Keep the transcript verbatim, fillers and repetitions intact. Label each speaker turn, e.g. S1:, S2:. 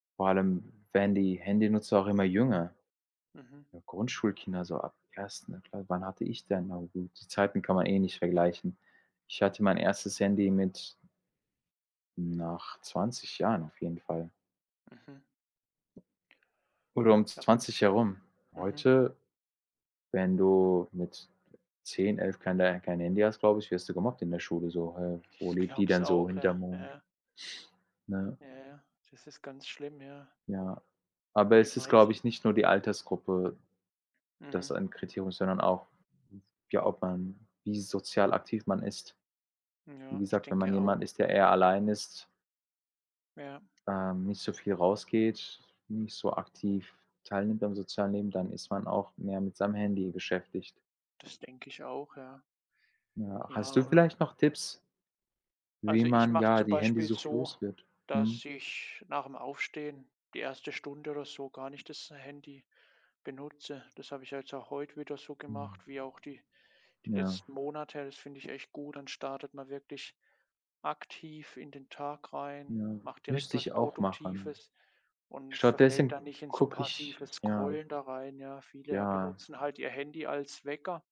S1: Vor allem werden die Handynutzer auch immer jünger.
S2: Mhm.
S1: Ja, Grundschulkinder so ab ersten Kla Wann hatte ich denn? Na gut, die Zeiten kann man eh nicht vergleichen. Ich hatte mein erstes Handy mit nach zwanzig Jahren auf jeden Fall.
S2: Mhm.
S1: Oder um zw
S2: Ja wann
S1: zwanzig herum.
S2: mhm.
S1: Heute, wenn du mit zehn, elf kein kein Handy hast, glaube ich, wirst du gemobbt in der Schule so: „Hä, wo
S2: Ich
S1: lebt die
S2: glaube es
S1: denn so?
S2: auch,
S1: Hinterm
S2: ja,
S1: Mond?“
S2: ja.
S1: Ne?
S2: Ja, ja, das ist ganz schlimm, ja.
S1: Ja, aber
S2: Und die
S1: es ist, glaube
S2: meist
S1: ich, nicht nur die Altersgruppe, dass
S2: Mhm.
S1: ein Kriterium ist, sondern auch, ja, ob man wie sozial aktiv man ist. Wie
S2: Ja, ich
S1: gesagt, wenn man
S2: denke auch.
S1: jemand ist, der eher allein ist
S2: Ja.
S1: ähm, nicht so viel rausgeht, nicht so aktiv teilnimmt am sozialen Leben, dann ist man auch mehr mit seinem Handy beschäftigt.
S2: Das denke ich auch, ja.
S1: Ja, hast
S2: Ja,
S1: du
S2: u und
S1: vielleicht noch Tipps
S2: Also,
S1: wie
S2: ich
S1: man,
S2: mache es
S1: ja,
S2: zum
S1: die
S2: Beispiel
S1: Handysucht
S2: so,
S1: loswird? Mhm.
S2: dass ich nach dem Aufstehen die erste Stunde oder so gar nicht das Handy benutze. Das habe ich jetzt auch heute wieder so
S1: Mhm.
S2: gemacht, wie auch die die
S1: Ja.
S2: letzten Monate. Das finde ich echt gut. Dann startet man wirklich aktiv in den Tag rein,
S1: Ja,
S2: macht direkt
S1: müsste
S2: was
S1: ich auch machen.
S2: Produktives und verfällt
S1: Stattdessen
S2: da nicht in so
S1: gucke ich
S2: passives
S1: ja.
S2: Scrollen da rein, ja. Viele
S1: Ja.
S2: benutzen halt ihr Handy als Wecker.